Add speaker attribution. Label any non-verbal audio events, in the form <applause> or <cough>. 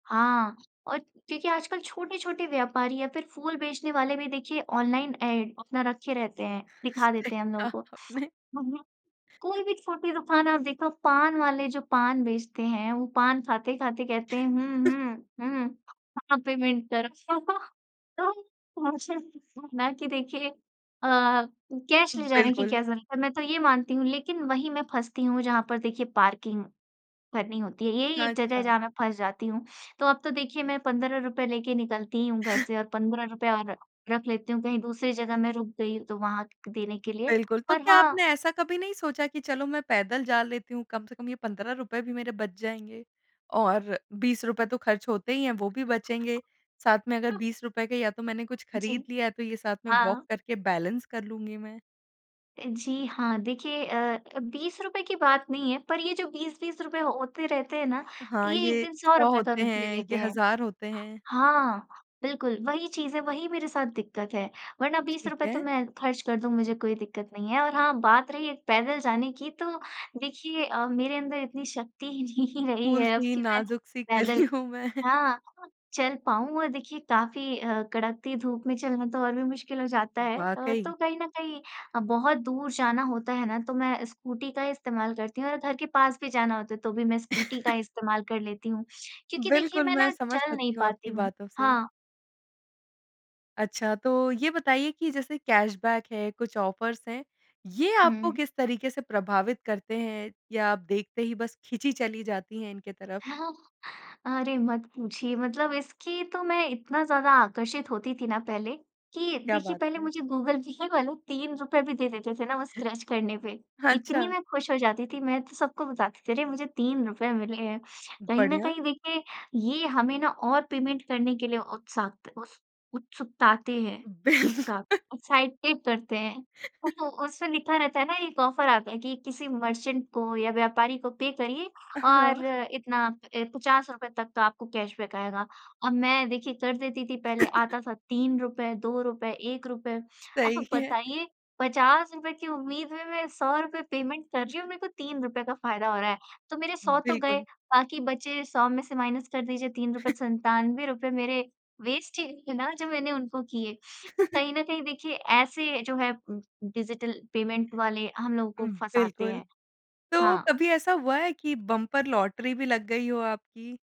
Speaker 1: हाँ, और देखिए, आजकल छोटे-छोटे व्यापारी या फिर फूल बेचने वाले भी, देखिए, ऑनलाइन एड अपना रखे रहते हैं, दिखा
Speaker 2: सही
Speaker 1: देते हैं हम
Speaker 2: कहा
Speaker 1: लोगों
Speaker 2: आपने।
Speaker 1: को। हुँ, हुँ।
Speaker 2: <chuckles>
Speaker 1: कोई भी छोटी दुकान आप देखो, पान वाले जो पान बेचते हैं, वो पान खाते-खाते कहते हैं,
Speaker 2: <chuckles>
Speaker 1: "हुँ, हुँ, हुँ, हाँ, पेमेंट करो।" तो तो मुझे ना कि देखिए अ, कैश ले जाने की
Speaker 2: बिल्कुल।
Speaker 1: क्या ज़रूरत है, मैं तो ये मानती हूँ। लेकिन वही मैं फँसती हूँ, जहाँ पर देखिए पार्किंग भरनी होती है। यही
Speaker 2: हाँ,
Speaker 1: एक जगह है,
Speaker 2: अच्छा।
Speaker 1: जहाँ मैं फँस जाती हूँ। तो अब तो देखिए मैं ₹15 लेके निकलती ही हूँ घर से और ₹15 और रख लेती हूँ, कहीं दूसरी जगह मैं रुक गई, तो वहाँ देने
Speaker 2: उ
Speaker 1: के लिए।
Speaker 2: बिल्कुल। तो
Speaker 1: पर
Speaker 2: क्या
Speaker 1: हाँ
Speaker 2: आपने ऐसा कभी नहीं सोचा कि चलो, मैं पैदल जा लेती हूँ, कम से कम ये ₹15 भी मेरे बच जाएँगे, और ₹20 तो खर्च होते ही हैं, वो भी बचेंगे। साथ में अगर
Speaker 1: हाँ।
Speaker 2: ₹20 के या तो मैंने कुछ
Speaker 1: जी।
Speaker 2: खरीद लिया है, तो ये साथ में
Speaker 1: हाँ।
Speaker 2: वॉक करके बैलेंस कर लूँगी मैं।
Speaker 1: अ, जी हाँ, देखिए अ अ, ₹20 की बात नहीं है, पर ये जो ₹20-20 होते रहते हैं ना,
Speaker 2: हाँ,
Speaker 1: ये 1
Speaker 2: ये
Speaker 1: दिन सौ
Speaker 2: 100
Speaker 1: रुपए का
Speaker 2: होते
Speaker 1: रूप ले
Speaker 2: हैं,
Speaker 1: लेते
Speaker 2: ये
Speaker 1: हैं।
Speaker 2: 1000 होते हैं।
Speaker 1: हाँ, बिल्कुल वही चीज़ है, वही मेरे साथ दिक्कत है। वरना बीस
Speaker 2: ठीक
Speaker 1: रुपए तो
Speaker 2: है।
Speaker 1: मैं खर्च कर दूँ, मुझे कोई दिक्कत नहीं है। और हाँ, बात रही एक पैदल जाने की, तो देखिए अ, मेरे अंदर इतनी शक्ति ही नहीं रही है अब
Speaker 2: फूल-सी,
Speaker 1: कि मैं
Speaker 2: नाज़ुक-सी कली
Speaker 1: पैदल
Speaker 2: हूँ मैं।
Speaker 1: हाँ, चल पाऊँ, और देखिए, काफ़ी अ, कड़कती धूप में चलना तो और भी मुश्किल हो जाता है। अ,
Speaker 2: वाक़ई।
Speaker 1: तो कहीं न कहीं अ, बहुत दूर जाना होता है ना, तो मैं स्कूटी का ही इस्तेमाल करती हूँ और घर के पास भी जाना होता है, तो भी मैं स्कूटी का
Speaker 2: <chuckles>
Speaker 1: इस्तेमाल कर लेती हूँ। क्योंकि देखिए,
Speaker 2: बिल्कुल,
Speaker 1: मैं
Speaker 2: मैं
Speaker 1: ना
Speaker 2: समझ
Speaker 1: चल नहीं
Speaker 2: सकती हूँ
Speaker 1: पाती
Speaker 2: आपकी
Speaker 1: हूँ।
Speaker 2: बातों से।
Speaker 1: हाँ।
Speaker 2: अच्छा, तो ये बताइए कि जैसे कैशबैक है, कुछ ऑफ़र्स हैं, ये आपको
Speaker 1: हुँ।
Speaker 2: किस तरीके से प्रभावित करते हैं, या आप देखते ही बस खींची चली जाती हैं इनके तरफ़?
Speaker 1: <chuckles> अरे! मत पूछिए। मतलब इसकी तो मैं इतना ज़्यादा आकर्षित होती थी ना पहले, कि
Speaker 2: क्या
Speaker 1: देखिए,
Speaker 2: बात
Speaker 1: पहले
Speaker 2: है।
Speaker 1: मुझे गूगल पे वाले ₹3 भी दे देते थे ना, वो स्क्रैच करने पे,
Speaker 2: हाँ,
Speaker 1: इतनी
Speaker 2: अच्छा।
Speaker 1: मैं खुश हो जाती थी, मैं तो सबको बताती थी, "अरे! मुझे ₹3 मिले हैं।" कहीं न
Speaker 2: बढ़िया।
Speaker 1: कहीं देखिए, ये हमें ना और पेमेंट करने के लिए उत्साक्त उस उत्सुकताते हैं, उत्साह
Speaker 2: बिल्कुल।
Speaker 1: एक्साइटेड करते हैं। उस
Speaker 2: <chuckles>
Speaker 1: उसमें लिखा रहता है ना, एक ऑफ़र आता है कि किसी मर्चेंट को या व्यापारी को पे करिए
Speaker 2: अ, हाँ।
Speaker 1: और इतना अ, ₹50 तक का आपको कैशबैक आएगा। अब मैं, देखिए, कर देती थी पहले,
Speaker 2: <laughs>
Speaker 1: आता था ₹3, ₹2, ₹1।
Speaker 2: सही
Speaker 1: अब
Speaker 2: है।
Speaker 1: बताइए ₹50 की उम्मीद में मैं ₹100 पेमेंट कर रही हूँ और मेरे को ₹3 का फ़ायदा हो रहा है। तो मेरे ₹100 तो गए,
Speaker 2: बिल्कुल।
Speaker 1: बाकी बचे, ₹100 में से माइनस कर दीजिए ₹3
Speaker 2: <chuckles>
Speaker 1: ₹97 मेरे वेस्ट ही हैं ना, जो मैंने उनको किए। तो
Speaker 2: <chuckles>
Speaker 1: कहीं न कहीं देखिए, ऐसे जो है उम उम, डिजिटल पेमेंट वाले, हम लोगों को
Speaker 2: उम,
Speaker 1: फँसातें
Speaker 2: बिल्कुल।
Speaker 1: हैं।
Speaker 2: तो
Speaker 1: हाँ।
Speaker 2: कभी ऐसा हुआ है कि बंपर लॉटरी भी लग गई हो आपकी?